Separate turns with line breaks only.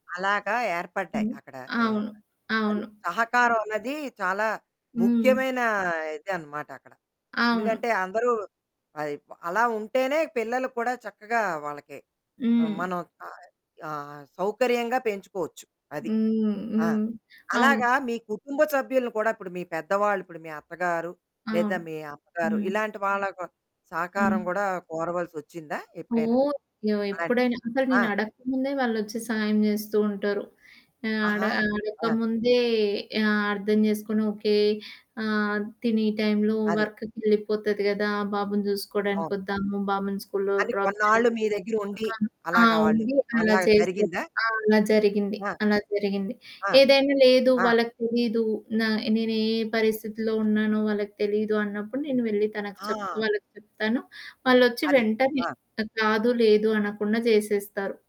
అలాగా ఏర్పడ్డాయి.
హ్మ్.
అక్కడ
అవును,
ఏర్ప అది.
అవును.
సహకారం అన్నది చాలా
హ్మ్.
ముఖ్యమైన ఇదనమాట అక్కడ.
అవును.
ఎందుకంటే, అందరూ పై ప అలా ఉంటేనే పిల్లలు కూడా చక్కగా వాళ్ళకి హ్మ్,
హ్మ్.
మనం ఆయ్ ఆహ్, సౌకర్యంగా పెంచుకోవచ్చు. అది.
హ్మ్.
ఆ!
హ్మ్. అవును.
అలాగా మీ కుటుంబ సభ్యులను కూడా ఇప్పుడు మీ పెద్దవాళ్ళు, ఇప్పుడు మీ అత్తగారు,
ఆ!
లేదా మీ అమ్మగారు,
హ్మ్.
ఇలాంటి వాళ్ళకి
హ్మ్.
సహకారం గూడా కోరవలసొచ్చిందా ఎప్పుడైనా?
ఓహ్! ఎవ
అలాంటి
ఎప్పుడైనా అసలు
ఆ!
నేను అడక్కముందే వాళ్ళొచ్చి సాయం జేస్తూ ఉంటారు. ఆ! అడ
ఆహా! ఆ!
అడక్కముందే ఆహ్, అర్థం జేసుకొని, ఓకే, ఆహ్, తినీ టైంలో
అది.
వర్క్‌కి ఎళ్ళిపోతది గదా! బాబుని జూసుకోడానికి
అవును.
ఒద్దాము, బాబుని స్కూలులో
అని
డ్రాప్ చేయడం.
కొన్నాళ్ళు మీ దగ్గర ఉండి,
ఆ! ఆ!
అలాగా వాళ్ళు
ఉండి అలా
అలా
చేసేవారు.
జరిగిందా?
ఆ! అలా జరిగింది.
ఆ!
అలా జరిగింది.
ఆ!
ఏదైనా లేదు,
ఆ!
వాళ్ళకి తెలీదు, నా నేనే పరిస్థితిలో ఉన్నానో వాళ్ళకి తెలీదు అన్నప్పుడు నేను వెళ్లి తనకి
ఆ!
చెప్పుకోవాలి చెప్తాను. వాళ్ళొచ్చి
అది.
వెంటనే
ఆ!
అట్టా కాదు, లేదు అనకుండా జేసేస్తారు.